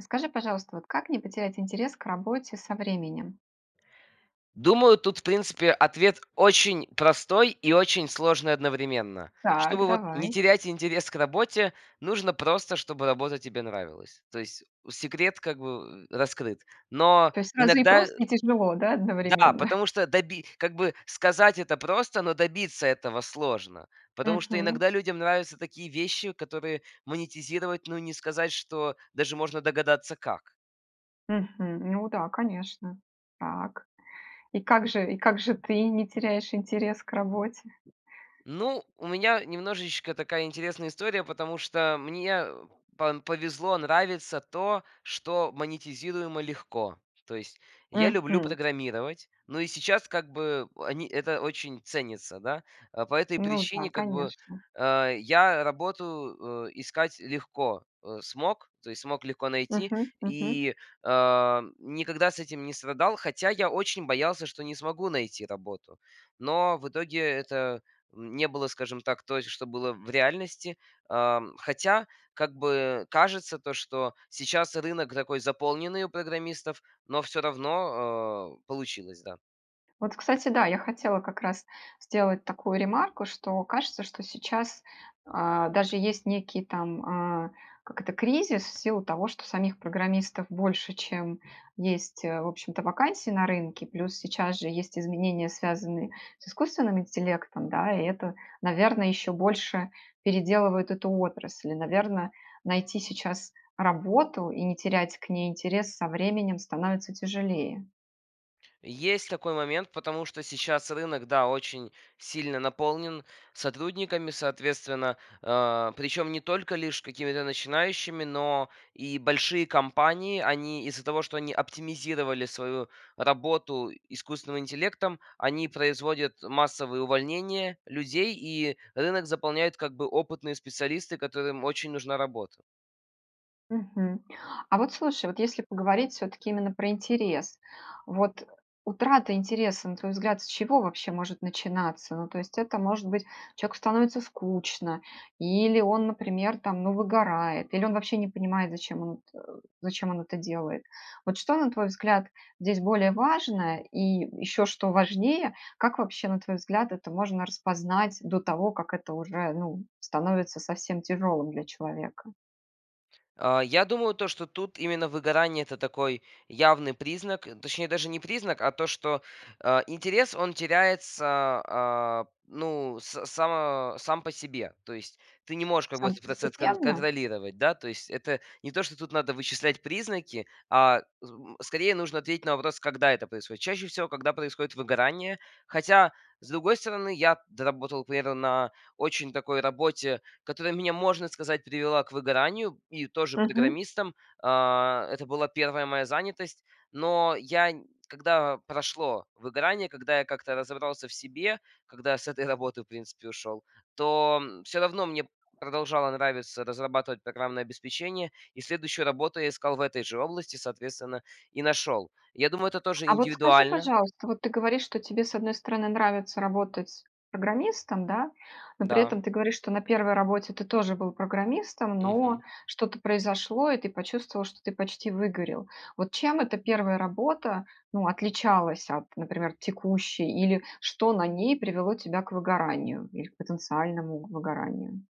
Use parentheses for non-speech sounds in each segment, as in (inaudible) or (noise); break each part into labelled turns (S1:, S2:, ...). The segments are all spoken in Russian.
S1: Скажи, пожалуйста, вот как не потерять интерес к работе со временем?
S2: Думаю, тут, в принципе, ответ очень простой и очень сложный одновременно.
S1: Так,
S2: Чтобы вот не
S1: давай.
S2: терять интерес к работе, нужно просто, чтобы работа тебе нравилась. То есть секрет как бы, э, раскрыт. Но
S1: То есть сразу и
S2: иногда
S1: просто, и тяжело, да,
S2: да,
S1: одновременно? (chuckles)
S2: потому что доби как бы сказать это просто, но добиться этого сложно. Потому что
S1: Мгм.
S2: иногда людям нравятся такие вещи, которые монетизировать, но не сказать, что даже можно догадаться как.
S1: Мгм. Ну да, конечно. Так. И как же и как же ты не теряешь интерес к работе?
S2: Ну, у меня немножечко такая интересная история, потому что мне пан повезло, нравится то, что монетизируемо легко. То есть я люблю
S1: Мгм.
S2: программировать, но и сейчас как бы они, это очень ценится, да. Э, по этой
S1: Ну да,
S2: причине как бы,
S1: конечно.
S2: а, я работу, э, искать легко, э, смог, то есть смог легко найти
S1: Мгм, мгм.
S2: и, а, никогда с этим не страдал. Хотя я очень боялся, что не смогу найти работу. Но в итоге это не было, скажем так, той, что было в реальности. Ам, хотя как бы кажется то, что сейчас рынок такой заполненный у программистов, но всё равно, э, получилось, да.
S1: Вот, кстати, да, я хотела как раз сделать такую ремарку, что кажется, что сейчас, а, даже есть некий там, э, как это, кризис в силу того, что самих программистов больше, чем есть, в общем-то, вакансий на рынке, плюс сейчас же есть изменения, связанные с искусственным интеллектом, да, и это, наверно, еще больше переделывает эту отрасль. Наверно, найти сейчас работу и не терять к ней интерес со временем становится тяжелее.
S2: Есть такой момент, потому что сейчас рынок, да, очень сильно наполнен сотрудниками, соответственно, э, причем не только лишь какими-то начинающими, но и большие компании- они из-за того, что они оптимизировали свою работу искусственным интеллектом, они производят массовые увольнения людей, и рынок заполняют как бы опытные специалисты, которым очень нужна работа.
S1: Мгм. А вот слушай, вот если поговорить всё-таки именно про интерес. Вот утрата интереса, на твой взгляд, с чего вообще может начинаться? Ну то есть это, может быть, человеку становится скучно, или он, например, там, ну, выгорает, или он вообще не понимает, зачем он эт зачем он это делает? Вот что, на твой взгляд, здесь более важное и еще, что важнее, как вообще, на твой взгляд, это можно распознать до того, как это уже, ну, становится совсем тяжелым для человека?
S2: Э, я думаю, то что тут именно выгорание- это такой явный признак, точнее, даже не признак, а то, что, э, интерес, он теряется, а, ну, с са сам по себе. То есть ты не можешь как бы
S1: Сам
S2: этот процесс кон
S1: постепенно?
S2: контролировать, да. То есть это не то, что тут надо вычислять признаки, а з м, скорее нужно ответить на вопрос, когда это происходит. Чаще всего, когда происходит выгорание. Хотя, с другой стороны, я доработал примерно на очень такой работе, которая мне, можно сказать, привела к выгоранию и тоже
S1: Мгм.
S2: программистом. А, это была 1 моя занятость, но я н когда прошло выгорание, когда я как-то разобрался в себе, когда с этой работы в принципе ушел, то всё равно мне продолжало нравиться разрабатывать программное обеспечение и следующую работу я искал в этой же области, соответственно, и нашел. Я думаю, это тоже
S1: А вот скажи,
S2: индивидуально.
S1: пожалуйста, вот ты говоришь, что тебе, с одной стороны, нравится работать программистом, да, но при
S2: Да.
S1: этом ты говоришь, что на 1 работе ты тоже был программистом, но
S2: Мгм.
S1: что-то произошло и ты почувствовал, что ты почти выгорел. Вот чем эта 1 работа, ну, отличалась от, например, текущей или что на ней привело тебя к выгоранию или к потенциальному выгоранию?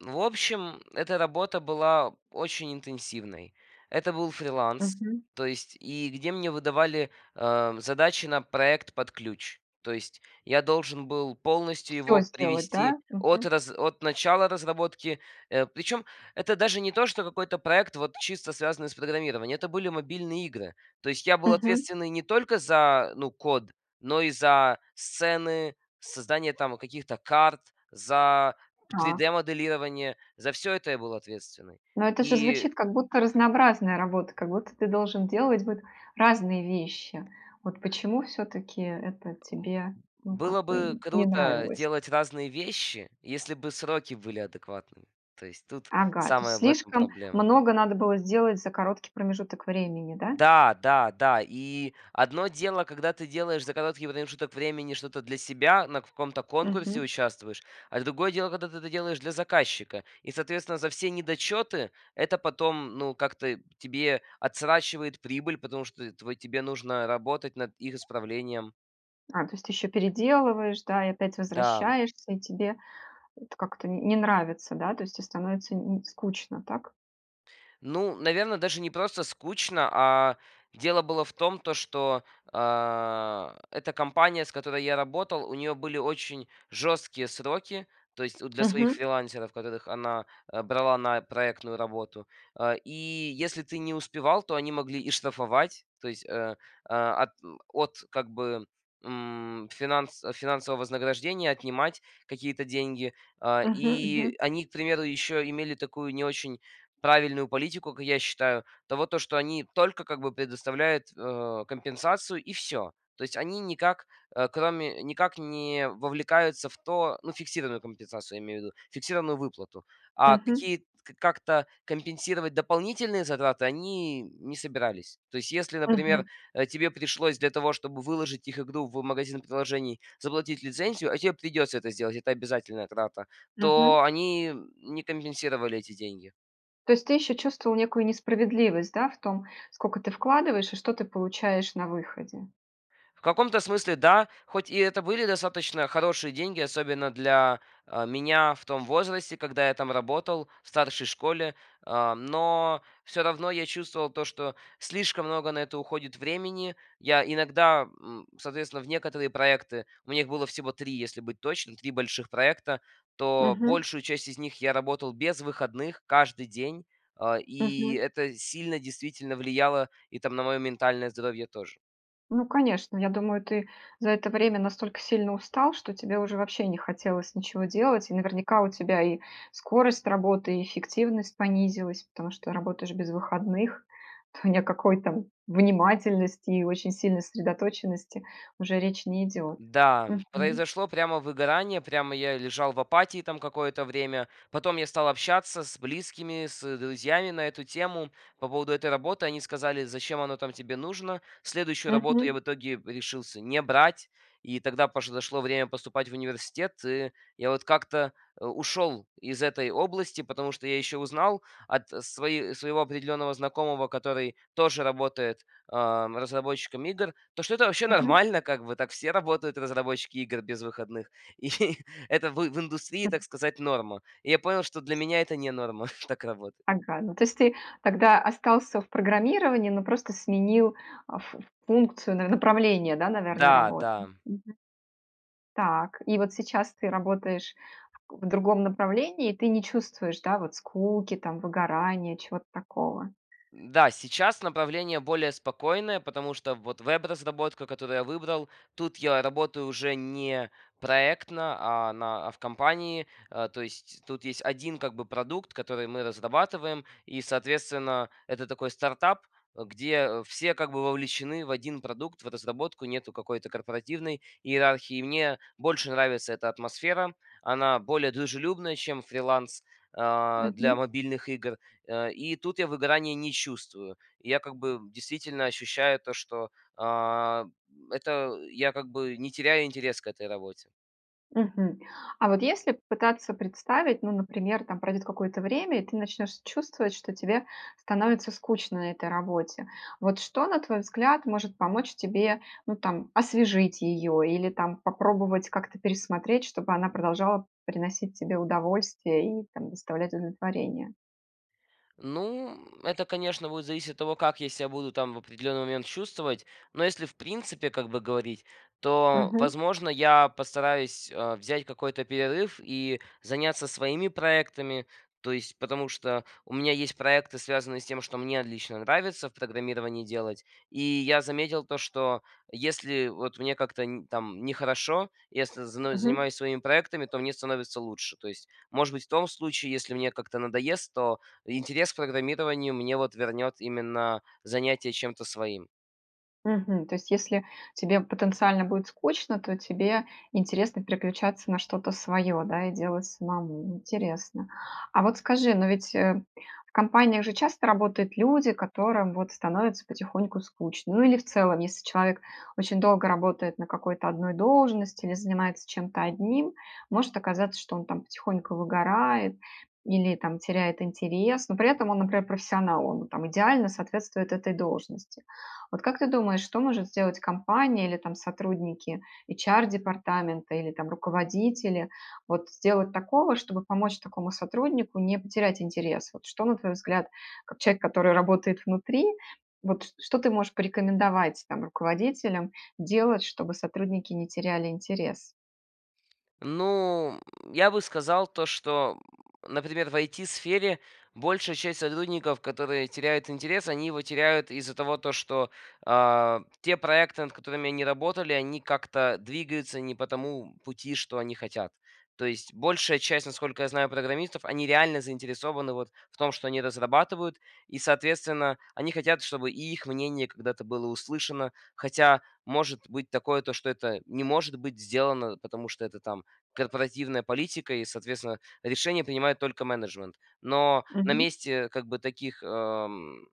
S2: В общем, эта работа была очень интенсивной. Это был фриланс,
S1: Мгм.
S2: то есть и где мне выдавали, а, задачи на проект под ключ. То есть я должен был полностью
S1: Всё
S2: его
S1: сделать,
S2: привести
S1: да?
S2: от
S1: Мгм.
S2: раз от начала разработки. Э, причем это даже не то, что какой-то проект, вот чисто связанный с программированием, это были мобильные игры. То есть я был
S1: Мгм.
S2: ответственный не только за, ну код, но и за сцены, создание там каких-то карт, за три дэ
S1: Так.
S2: моделирование, за всё это я был ответственный.
S1: Но это же
S2: И
S1: звучит как будто разнообразная работа, как будто ты должен делать вот разные вещи. Вот почему всё-таки это
S2: Эм,
S1: тебе,
S2: б
S1: ну, как
S2: было бы
S1: бы, не
S2: круто
S1: нравилось?
S2: делать разные вещи, если бы сроки были адекватными. То есть тут
S1: Ага, то есть
S2: самая в этом
S1: слишком
S2: проблема.
S1: много надо было сделать за короткий промежуток времени, да?
S2: Да, да, да. И одно дело, когда ты делаешь за короткий промежуток времени что-то для себя, на каком-то конкурсе
S1: Мгм.
S2: участвуешь, а другое дело, когда ты это делаешь для заказчика. И соответственно за все недочеты это потом, ну, как-то тебе отсрочивает прибыль, потому что твой тебе нужно работать над их исправлением.
S1: А, то есть ты еще переделываешь, да, и опять
S2: Да.
S1: возвращаешься, и тебе это как-то н не нравится, да? То есть те становится н скучно, так?
S2: Ну, наверно, даже не просто скучно, а дело было в том, то, что, а, эта компания, с которой я работал, у нее были очень жесткие сроки, то есть у для своих
S1: Мгм.
S2: фрилансеров, которых она, э, брала на проектную работу. Э, и если ты не успевал, то они могли и штрафовать- то есть, э, э, от от как бы, м, финанс финансового вознаграждения отнимать какие-то деньги, э,
S1: Мгм,
S2: и
S1: мгм.
S2: они, к примеру, еще имели такую не очень правильную политику, как я считаю, того, то, что они только как бы предоставляют, э, компенсацию- и всё. То есть они никак, э, кроме никак не вовлекаются в то ну, фиксированную компенсацию, я имею в виду, фиксированную выплату. А
S1: Мгм.
S2: какие как-то компенсировать дополнительные затраты они не собирались. То есть если, например,
S1: Мгм.
S2: э, тебе пришлось для того, чтобы выложить их игру в магазин приложений, заплатить лицензию (а тебе придется это сделать- это обязательная трата),
S1: Мгм.
S2: то они не компенсировали эти деньги.
S1: То есть ты еще чувствовал некую несправедливость, да, в том, сколько ты вкладываешь и что ты получаешь на выходе?
S2: В каком-то смысле да, хоть и это были достаточно хорошие деньги, особенно для, э, меня в том возрасте, когда я там работал в старшей школе, э, но всё равно я чувствовал то, что слишком много на это уходит времени. Я иногда, м, соответственно, в некоторые проекты, у них было всего 3, если быть точным, 3 больших проекта, то
S1: Мгм.
S2: большую часть из них я работал без выходных, каждый день, а, и
S1: Мгм.
S2: это сильно, действительно, влияло и там на мое ментальное здоровье тоже.
S1: Ну, конечно, я думаю, ты за это время настолько сильно устал, что тебе уже вообще не хотелось ничего делать. И наверняка у тебя и скорость работы, и эффективность понизилась, потому что работаешь без выходных, то ни о какой там внимательности и очень сильной сосредоточенности уже речь не идет.
S2: Да,
S1: Мгм.
S2: произошло прямо выгорание, прямо я лежал в апатии там какое-то время, потом я стал общаться с близкими, с друзьями на эту тему. По поводу этой работы они сказали: "Зачем оно там тебе нужно?" Следующую работу я в
S1: Мгм.
S2: итоге решился не брать, и тогда пош подошло время поступать в университет, и я вот как-то, э, ушел из этой области, потому что я еще узнал от свои своего определенного знакомого, который тоже работает, ам, разработчиком игр, то, что это вообще
S1: Мгм.
S2: нормально как бы. Так все работают разработчики игр без выходных, и это в в индустрии, так
S1: (chuckles)
S2: сказать, норма. И я понял, что для
S1: Ас
S2: меня это не норма (chuckles) так работать.
S1: Ага, ну, то есть ты тогда остался в программировании, но просто сменил, а, фу функцию, на направление, да, наверно,
S2: Да,
S1: работы.
S2: да.
S1: Мгм. Так. И вот сейчас ты работаешь в к в другом направлении, и ты не чувствуешь, да, вот скуки там, выгорания, чего-то такого?
S2: М, да, сейчас направление более спокойное, потому что вот вэб-разработка, которую я выбрал, тут я работаю уже не проектно, а на а в компании, э. То есть тут есть 1 как бы продукт, который мы разрабатываем, и, соответственно, это такой стартап, где все как бы вовлечены в 1 продукт, в разработку. Нету какой-то корпоративной иерархии, мне больше нравится эта атмосфера, она более дружелюбная, чем фриланс, а, для
S1: Мгм.
S2: мобильных игр, э. И тут я выгорания не чувствую, я как бы действительно ощущаю то, что, а, это я как бы не теряю интерес к этой работе.
S1: Мгм. А вот если попытаться представить, ну, например, там пройдет какое-то время и ты начнешь чувствовать, что тебе становится скучно на этой работе. Вот что, на твой взгляд, может помочь тебе, ну, там освежить ее или там попробовать как-то пересмотреть, чтобы она продолжала приносить тебе удовольствие и там доставлять удовлетворение?
S2: Ну, это, конечно, будет зависеть от того, как я себя буду, там, в определенный момент чувствовать. Но, если в принципе как бы говорить, то,
S1: Мгм.
S2: возможно, я постараюсь, э, взять какой-то перерыв и заняться своими проектами. То есть, потому что у меня есть проекты, связанные с тем, что мне отлично нравится в программировании делать. И я заметил то, что если вот мне как-то не, там, нехорошо, если зно
S1: Мгм.
S2: занимаюсь своими проектами, то мне становится лучше. То есть, может быть, в том случае, если мне как-то надоест, то интерес к программированию мне вот вернет именно занятие чем-то своим.
S1: Мгм. То есть если тебе потенциально будет скучно, то тебе интересно переключаться на что-то свое, да, и делать самому. Интересно. А вот скажи, но ведь, э, в компаниях же часто работают люди, которым вот становится потихоньку скучно. Ну, или в целом, если человек очень долго работает на какой-то одной должности или занимается чем-то одним, может оказаться, что он там потихоньку выгорает или там теряет интерес, но при этом он, например, профессионал, он там идеально соответствует этой должности. Вот как ты думаешь, что может сделать компания или там сотрудники HR-департамента или там руководители вот сделать такого, чтобы помочь такому сотруднику не потерять интерес? Вот что, на твой взгляд, как человек, который работает внутри, вот, ч что ты можешь порекомендовать там руководителям делать, чтобы сотрудники не теряли интерес?
S2: Ну, м, я бы сказал то, что, м, например, в IT-сфере большая часть сотрудников, которые теряют интерес, они его теряют из-за того, то что, а, те проекты, над которыми они работали, они как-то двигаются не по тому пути, что они хотят. То есть большая часть, насколько я знаю, программистов, они реально заинтересованы вот в том, что они разрабатывают и, соответственно, они хотят, чтобы и их мнение когда-то было услышано. Хотя, может быть, такое, то что это не может быть сделано, потому что это, там, корпоративная политика и, соответственно, решение принимает только менеджмент. Но на
S1: Мгм.
S2: месте как бы таких, эм,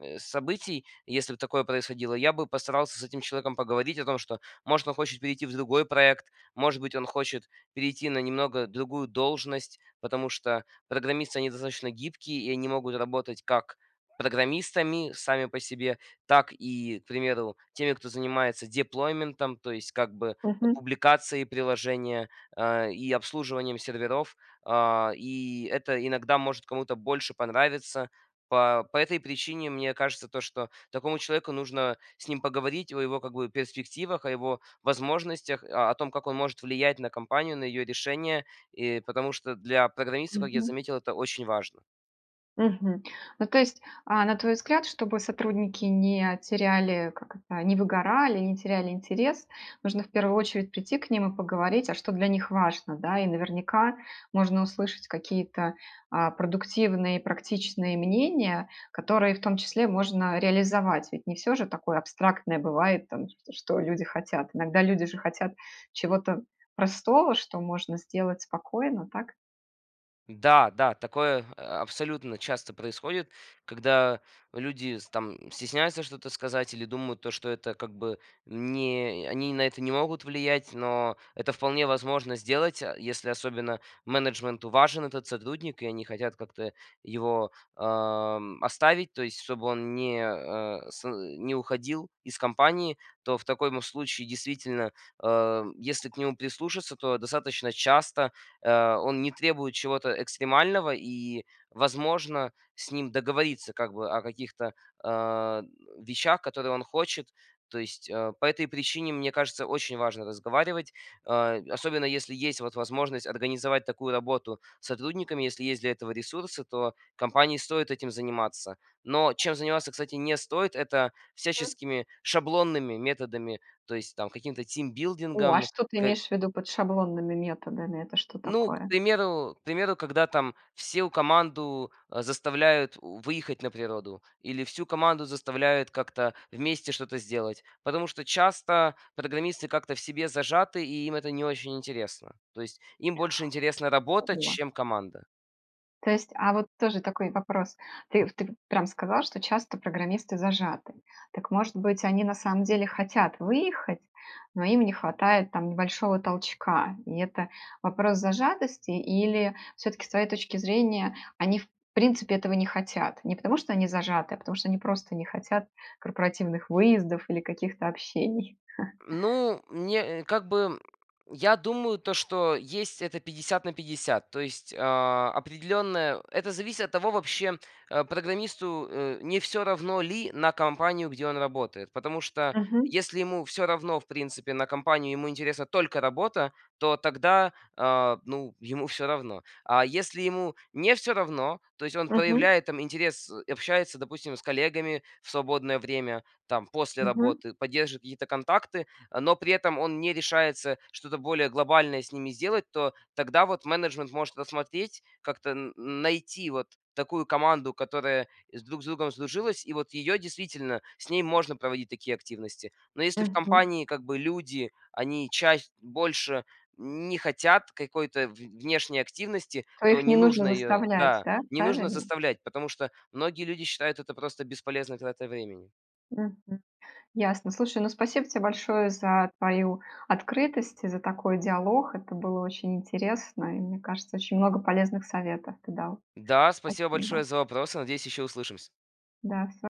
S2: э, событий, если бы такое происходило, я бы постарался с этим человеком поговорить о том, что может он хочет перейти в другой проект, может быть он хочет перейти на немного другую должность. Потому что программисты они достаточно гибкие и они могут работать как программистами сами по себе, так и, к примеру, теми, кто занимается деплойментом, то есть как бы, э,
S1: Мгм.
S2: публикацией приложения, а, и обслуживанием серверов, а, и это иногда может кому-то больше понравиться. По по этой причине мне кажется то, что такому человеку нужно с ним поговорить о его как бы перспективах, о его возможностях, о о том как он может влиять на компанию, на ее решения, э, потому что для программиста, как я
S1: Мгм.
S2: заметил, это очень важно.
S1: Мгм. Ну, то есть, а, на твой взгляд, чтобы сотрудники не теряли- как это- не выгорали, не теряли интерес, нужно в первую очередь прийти к ним и поговорить: а что для них важно, да? И, наверняка, можно услышать какие-то, а, продуктивные и практичные мнения, которые в том числе можно реализовать. Ведь не всё же такое абстрактное бывает там то, что люди хотят. Иногда люди же хотят чего-то простого, что можно сделать спокойно, так?
S2: Да, да, такое, а, абсолютно часто происходит, когда люди с там стесняются что-то сказать или думают то, что это как бы не э, они на это не могут влиять, но это вполне возможно сделать, а, если особенно менеджменту важен этот сотрудник и они хотят как-то его, ам, оставить, то есть чтобы он не, а, сы не уходил из компании. То в таком случае, действительно, ам, если к нему прислушаться, то достаточно часто, а, он не требует чего-то экстремального, и возможно с ним договориться как бы о каких-то, а, н вещах, которые он хочет. То есть, а, по этой причине, мне кажется, очень важно разговаривать, а, особенно, если есть вот возможность организовать такую работу с сотрудниками, если есть для этого ресурсы, то компании стоит этим заниматься. Но чем заниматься, кстати, не стоит- это
S1: М.
S2: всяческими шаблонными методами, то есть там каким-то
S1: О, а
S2: тимбилдингом.
S1: что ты
S2: К...
S1: имеешь в виду под шаблонными методами, это что
S2: Ну, к
S1: такое?
S2: примеру к примеру, когда там всю команду, э, заставляют у выехать на природу или всю команду заставляют как-то вместе что-то сделать, потому что часто программисты как-то в себе зажаты и им это не очень интересно. То есть им больше интересна работа,
S1: Ого.
S2: чем команда.
S1: То есть а вот тоже такой вопрос: ты в ты вот прям сказал, что часто программисты зажаты. Так, может быть, они на самом деле хотят выехать, но им не хватает там небольшого толчка. И это вопрос зажатости, или всё-таки, с твоей точки зрения, они, в принципе, этого не хотят? Не потому что они зажаты, а потому что они просто не хотят корпоративных выездов или каких-то общений. (chuckles)
S2: Ну, мне, э, как бы, м я думаю то, что есть это 50 на 50, то есть, а, определенное это зависит от того, вообще, э, программисту, э, не всё равно ли на компанию, где он работает, потому что
S1: Мгм.
S2: если ему всё равно, в принципе, на компанию, ему интересна только работа, то тогда, а, ну, ему всё равно. А если ему не всё равно, то есть он
S1: Мгм.
S2: проявляет там интерес, э, общается, допустим, с коллегами в свободное время там после
S1: Мгм.
S2: работы, поддерживает какие-то контакты, но при этом он не решается что-то более глобальное с ними сделать, то тогда вот менеджмент может рассмотреть, как-то н найти вот такую команду, которая с друг с другом сдружилась. И вот её действительно с ней можно проводить такие активности. Но если в
S1: Мгм.
S2: компании как бы люди, они чащ больше не хотят какой-то в внешней активности,
S1: То
S2: то
S1: их
S2: не
S1: не нужно
S2: нужно её
S1: заставлять,
S2: да,
S1: да,
S2: не нужно
S1: правильно?
S2: заставлять, потому что многие люди считают это просто бесполезной тратой времени.
S1: Мгм. Ясно. Слушай, ну спасибо тебе большое за твою открытость, за такой диалог. Это было очень интересно, и, мне кажется, очень много полезных советов ты дал.
S2: Да, спасибо большое
S1: Спасибо.
S2: за вопросы. Надеюсь, еще услышимся.
S1: Да, всё.